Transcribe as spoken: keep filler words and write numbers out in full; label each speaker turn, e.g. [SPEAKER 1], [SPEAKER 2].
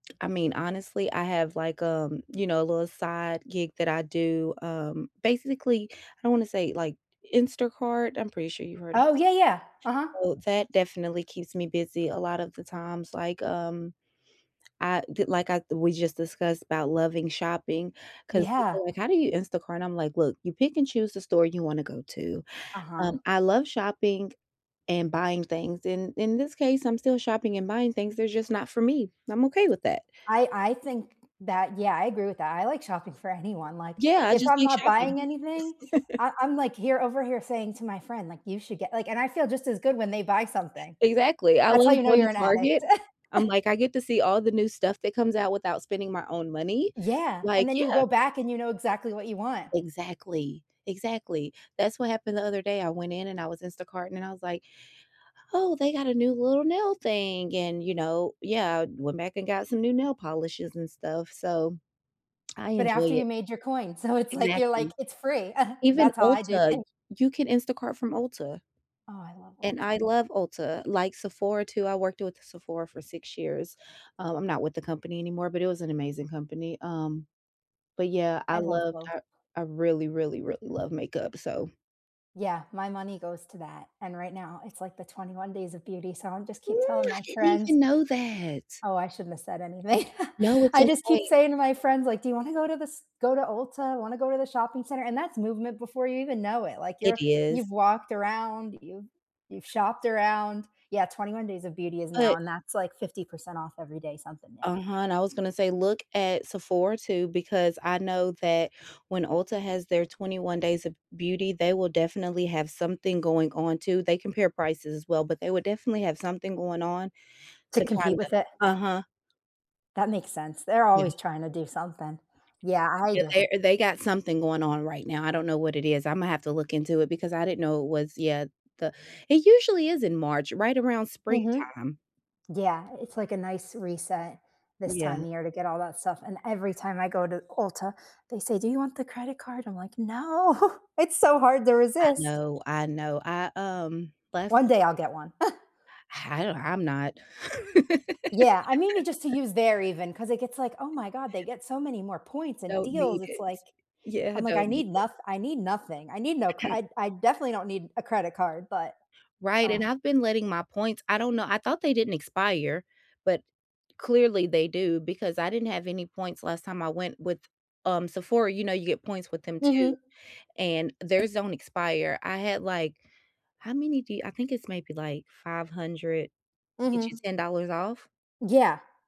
[SPEAKER 1] I mean, honestly, I have, like, um, you know, a little side gig that I do. Um, basically, I don't wanna say, like, Instacart. I'm pretty sure you've heard of
[SPEAKER 2] Oh,
[SPEAKER 1] s
[SPEAKER 2] yeah, yeah. Uh-huh.
[SPEAKER 1] Well, that definitely keeps me busy a lot of the times, like, um, I d like, I we just discussed about loving shopping 'cause
[SPEAKER 2] Yeah.
[SPEAKER 1] people are, like, "How do you Instacart? And I'm, like, "Look, you pick and choose the store you wanna go to.
[SPEAKER 2] Uh-huh.
[SPEAKER 1] Um, I love shopping and buying things, and in this case, I'm still shopping and buying things. They're just not for me. I'm okay with that."
[SPEAKER 2] I I think that yeah, I agree with that. I like shopping for anyone, like,
[SPEAKER 1] Yeah, I
[SPEAKER 2] if
[SPEAKER 1] just
[SPEAKER 2] I'm
[SPEAKER 1] like
[SPEAKER 2] not buying
[SPEAKER 1] shopping.
[SPEAKER 2] anything, I I'm, like, here over here saying to my friend, like, "You should get" like, and I feel just as good when they buy something.
[SPEAKER 1] Exactly. I
[SPEAKER 2] That's how
[SPEAKER 1] love
[SPEAKER 2] you know
[SPEAKER 1] going
[SPEAKER 2] you're
[SPEAKER 1] to
[SPEAKER 2] an addict.
[SPEAKER 1] Target. I'm, like, I get to see all the new stuff that comes out without spending my own money,
[SPEAKER 2] Yeah, and
[SPEAKER 1] like
[SPEAKER 2] then you
[SPEAKER 1] yeah.
[SPEAKER 2] go back and you know exactly what you want.
[SPEAKER 1] Exactly. Exactly. That's what happened the other day. I went in and I was Instacart-ing and I was, like, "Oh, they got a new little nail thing" and, you know Yeah, went back and got some new nail polishes and stuff, so, I
[SPEAKER 2] But after
[SPEAKER 1] enjoy
[SPEAKER 2] you
[SPEAKER 1] it.
[SPEAKER 2] made your coin. So, it's, like you're, like,
[SPEAKER 1] Exactly.
[SPEAKER 2] it's free.
[SPEAKER 1] Even
[SPEAKER 2] That's how I do
[SPEAKER 1] Ulta
[SPEAKER 2] thi
[SPEAKER 1] you can Instacart from Ulta
[SPEAKER 2] Oh, I love
[SPEAKER 1] and I
[SPEAKER 2] Ulta.
[SPEAKER 1] love Ulta, like, Sephora too; I worked with Sephora for six years. Um, I'm not with the company anymore, but it was an amazing company. Um, but, yeah,
[SPEAKER 2] I
[SPEAKER 1] I
[SPEAKER 2] love
[SPEAKER 1] loved
[SPEAKER 2] both.
[SPEAKER 1] Tar I really, really, really love makeup, so
[SPEAKER 2] Yeah, my money goes to that, and right now it's, like, the twenty one Days of Beauty, so I'm just keep telling
[SPEAKER 1] I
[SPEAKER 2] my
[SPEAKER 1] didn't
[SPEAKER 2] friends.
[SPEAKER 1] even know that.
[SPEAKER 2] Oh, I shouldn't have said anything.
[SPEAKER 1] No, it's
[SPEAKER 2] I just keep
[SPEAKER 1] okay.
[SPEAKER 2] saying to my friends, like, "Do you wanna go to the st go to Ulta? Wanna go to the shopping center?" And that's movement before you even know it, like,
[SPEAKER 1] It
[SPEAKER 2] you're you've
[SPEAKER 1] is.
[SPEAKER 2] walked around, you've you've shopped around Yeah, twenty one Days of Beauty is now
[SPEAKER 1] But
[SPEAKER 2] and that's, like, fifty percent off every day, something new.
[SPEAKER 1] Uh-huh, and I was gonna say look at Sephora too because I know that when Ulta has their twenty-one Days of Beauty, they will definitely have something going on too. They compare prices as well, but they would definitely have something going on
[SPEAKER 2] To
[SPEAKER 1] to
[SPEAKER 2] compete
[SPEAKER 1] kinda
[SPEAKER 2] with it.
[SPEAKER 1] Uh-huh.
[SPEAKER 2] That makes sense. They're
[SPEAKER 1] Yeah.
[SPEAKER 2] always trying to do something. Yeah, I
[SPEAKER 1] Yeah,
[SPEAKER 2] just
[SPEAKER 1] there they got something going on right now. I don't know what it is. Imma have to look into it because I didn't know it was yet the it usually is in March, right around
[SPEAKER 2] Mhm.
[SPEAKER 1] springtime.
[SPEAKER 2] Yeah, it's, like, a nice reset this
[SPEAKER 1] Yeah.
[SPEAKER 2] time of year to get all that stuff, and every time I go to Ulta, they say, "Do you want the credit card?" I'm, like, “No.” It's so hard to
[SPEAKER 1] I
[SPEAKER 2] resist.
[SPEAKER 1] know. I know. I, um, last
[SPEAKER 2] One day I'll get one.
[SPEAKER 1] I don't I'm not.
[SPEAKER 2] Yeah, I mean, you just to use there even 'cause it gets, like, "Oh my god, they get so many more points and
[SPEAKER 1] Don't
[SPEAKER 2] deals."
[SPEAKER 1] need
[SPEAKER 2] It's,
[SPEAKER 1] it.
[SPEAKER 2] like
[SPEAKER 1] Yeah, I
[SPEAKER 2] I'm, like, "I
[SPEAKER 1] don't need
[SPEAKER 2] need
[SPEAKER 1] it.
[SPEAKER 2] noth I need nothing. I need no cr I'd I definitely don't need a credit card," but
[SPEAKER 1] Right,
[SPEAKER 2] Ugh.
[SPEAKER 1] and I've been letting my points I don't know, I thought they didn't expire, but clearly they do because I didn't have any points last time I went with, um, Sephora. You know, you get points with them too,
[SPEAKER 2] Mhm.
[SPEAKER 1] and theirs don't expire. I had, like how many do you I think it's maybe, like, five hundred gets
[SPEAKER 2] Mhm.
[SPEAKER 1] you ten dollars off?
[SPEAKER 2] Yeah.